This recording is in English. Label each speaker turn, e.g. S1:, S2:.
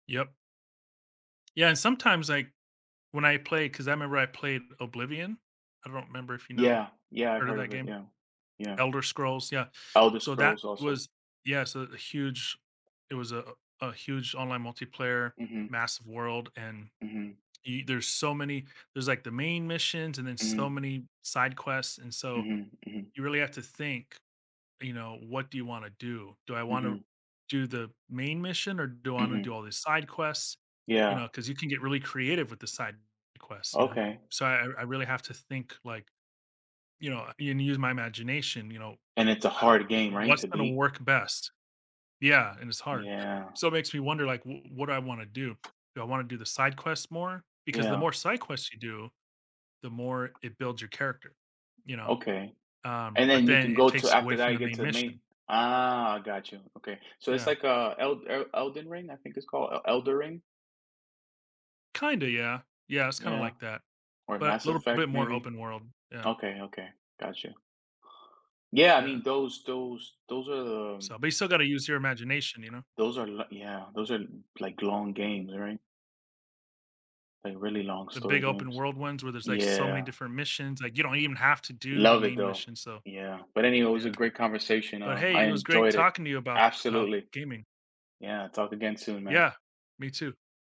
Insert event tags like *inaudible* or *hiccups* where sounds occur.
S1: Yup. Yeah, and sometimes, like, when I play 'cause I remember I played Oblivion. I don't remember if, you know
S2: Yeah, yeah, I've
S1: heard of
S2: heard
S1: that
S2: of it,
S1: game?
S2: yeah. Yeah.
S1: Elder Scrolls, yeah.
S2: Elder
S1: So that
S2: Scrolls, also.
S1: was yeah, so a huge it was a a huge online multiplayer
S2: Mhm.
S1: massive world, and
S2: Mhm.
S1: y there's so many there's, like, the main missions and then so
S2: Mm.
S1: many side quests, and so,
S2: Mhm, mhm.
S1: you really have to think, you know, what do you wanna do? Do I wanna
S2: Mhm.
S1: do the main mission or do I wanna do
S2: Mhm.
S1: all these side quests? You
S2: Yeah.
S1: know, 'cause you can get really creative with the side quests, you know?
S2: Okay.
S1: So I I really have to think, like, you know, and use my imagination, you know?
S2: And it's a
S1: How
S2: hard game, right,
S1: what's
S2: to
S1: gonna
S2: beat?
S1: work best? Yeah, and it's hard. *hiccups*
S2: Yeah.
S1: So it makes me wonder, like, w what do I wanna do? Do I wanna do the side quests more? Because the
S2: Yeah.
S1: more side quests you do, the more it builds your character, you know?
S2: Okay.
S1: Um,
S2: And
S1: but
S2: then you
S1: then
S2: can
S1: it
S2: go to
S1: takes you away
S2: after
S1: from
S2: that you
S1: the
S2: get
S1: main
S2: to a main
S1: mission.
S2: Ah, gotcha, okay. So, it's,
S1: Yeah.
S2: like, uh, El El Elden Ring, I think it's called El Elden Ring?
S1: Kinda, yeah. Yeah, it's kinda
S2: Yeah.
S1: like that,
S2: Or
S1: but
S2: Mass
S1: little
S2: Effect,
S1: bit more
S2: maybe.
S1: open world. Yeah.
S2: Okay, okay. Gotcha. Yeah, I
S1: Yeah.
S2: mean, those those those are, um
S1: So but you still gotta use your imagination, you know?
S2: Those are lik yeah, those are, like, long games, right? Like, really long
S1: The big
S2: story
S1: open
S2: games.
S1: world ones where there's, like, so many
S2: Yeah.
S1: different missions, like, you don't even have to do the
S2: Love it,
S1: main
S2: though.
S1: mission, so
S2: Yeah. But anyhow, it was a
S1: yeah.
S2: great conversation,
S1: But
S2: um,
S1: hey,
S2: I
S1: it was great
S2: enjoyed it.
S1: talking to you about about
S2: Absolutely.
S1: gaming.
S2: Yeah, talk again soon, man.
S1: Yeah. Me too